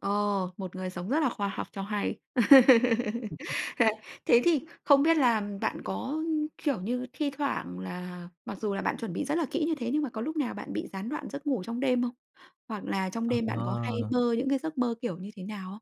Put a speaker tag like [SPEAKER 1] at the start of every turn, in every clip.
[SPEAKER 1] Ờ, một người sống rất là khoa học cho hay. Thế à,
[SPEAKER 2] [unintelligible]
[SPEAKER 1] thế thì không biết là bạn có, kiểu như, thi thoảng là mặc dù là bạn chuẩn bị rất là kỹ như thế, nhưng mà có lúc nào bạn bị gián đoạn giấc ngủ trong đêm không? Hoặc là trong đêm bạn có hay
[SPEAKER 2] Ờ!
[SPEAKER 1] mơ những cái giấc mơ kiểu như thế nào không?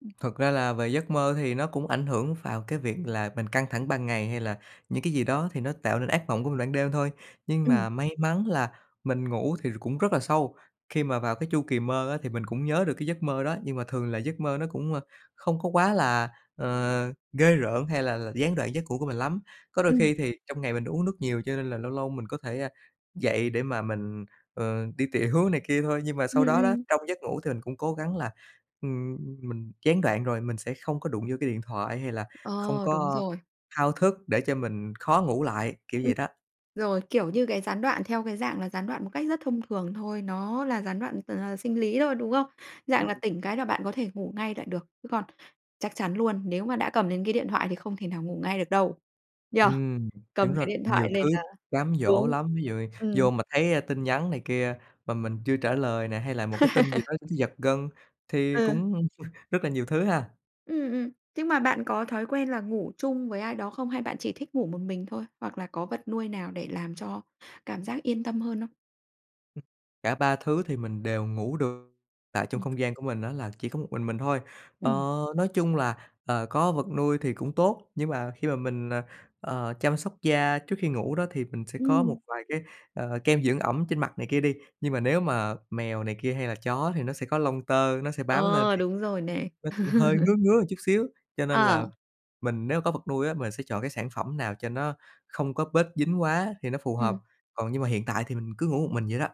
[SPEAKER 1] Ừm.
[SPEAKER 2] Thật ra là về giấc mơ thì nó cũng ảnh hưởng vào cái việc là mình căng thẳng ban ngày, hay là những cái gì đó thì nó tạo nên ác mộng của mình ban đêm thôi. Nhưng
[SPEAKER 1] Ừm.
[SPEAKER 2] mà may mắn là mình ngủ thì cũng rất là sâu, khi mà vào cái chu kỳ mơ á thì mình cũng nhớ được cái giấc mơ đó, nhưng mà thường là giấc mơ nó cũng, ơ, không có quá là, ờ, ghê rợn hay là là gián đoạn giấc ngủ của mình lắm. Có đôi
[SPEAKER 1] Ừm.
[SPEAKER 2] khi thì trong ngày mình uống nước nhiều cho nên là lâu lâu mình có thể, a, dậy để mà mình, ờ, đi tiểu này kia thôi. Nhưng mà
[SPEAKER 1] Ừm,
[SPEAKER 2] sau đó đó,
[SPEAKER 1] ừm.
[SPEAKER 2] trong giấc ngủ thì mình cũng cố gắng là, ưm, ừm, mình gián đoạn rồi thì mình sẽ không có đụng vô cái điện thoại, hay là không
[SPEAKER 1] Ờ, đúng
[SPEAKER 2] có
[SPEAKER 1] rồi.
[SPEAKER 2] thao thức để cho mình khó ngủ lại, kiểu
[SPEAKER 1] Ừm.
[SPEAKER 2] vậy đó.
[SPEAKER 1] Rồi, kiểu như cái gián đoạn theo cái dạng là gián đoạn một cách rất thông thường thôi, nó là gián đoạn t h sinh lý thôi, đúng không?
[SPEAKER 2] Ừm,
[SPEAKER 1] Dạng là
[SPEAKER 2] ừm.
[SPEAKER 1] tỉnh cái là bạn có thể ngủ ngay lại được, chứ còn chắc chắn luôn, nếu mà đã cầm đến cái điện thoại thì không thể nào ngủ ngay được đâu, nhỉ?
[SPEAKER 2] Ừm,
[SPEAKER 1] Cầm
[SPEAKER 2] đúng
[SPEAKER 1] cái
[SPEAKER 2] rồi,
[SPEAKER 1] điện
[SPEAKER 2] nhiều
[SPEAKER 1] thoại lên
[SPEAKER 2] thứ
[SPEAKER 1] là
[SPEAKER 2] cám dỗ
[SPEAKER 1] đúng.
[SPEAKER 2] lắm. Ví dụ như
[SPEAKER 1] Ừm.
[SPEAKER 2] vô mà thấy tin nhắn này kia mà mình chưa trả lời nè, hay là một cái tin gì đó thấy giật gân thì
[SPEAKER 1] Ừ.
[SPEAKER 2] cũng rất là nhiều thứ ha.
[SPEAKER 1] Ừm, ừm. Nhưng mà bạn có thói quen là ngủ chung với ai đó không? Hay bạn chỉ thích ngủ một mình thôi? Hoặc là có vật nuôi nào để làm cho cảm giác yên tâm hơn không?
[SPEAKER 2] Cả 3 thứ thì mình đều ngủ được, tạo trong
[SPEAKER 1] Ừm.
[SPEAKER 2] không gian của mình á là chỉ có một mình mình thôi. Ờ,
[SPEAKER 1] Ừm.
[SPEAKER 2] nói chung là, ờ, có vật nuôi thì cũng tốt, nhưng mà khi mà mình, à, ờ, chăm sóc da trước khi ngủ đó, thì mình sẽ có một
[SPEAKER 1] Ừm.
[SPEAKER 2] vài cái, ờ, kem dưỡng ẩm trên mặt này kia đi. Nhưng mà nếu mà mèo này kia hay là chó thì nó sẽ có lông tơ, nó sẽ bám lên
[SPEAKER 1] Ờ,
[SPEAKER 2] thì, à,
[SPEAKER 1] đúng rồi nè.
[SPEAKER 2] nó cũng hơi ngứa ngứa một chút xíu, cho nên
[SPEAKER 1] Ờ.
[SPEAKER 2] là mình nếu mà có vật nuôi á, mình sẽ chọn cái sản phẩm nào cho nó không có bết dính quá thì nó phù hợp,
[SPEAKER 1] Ừm.
[SPEAKER 2] còn nhưng mà hiện tại thì mình cứ ngủ một mình vậy đó.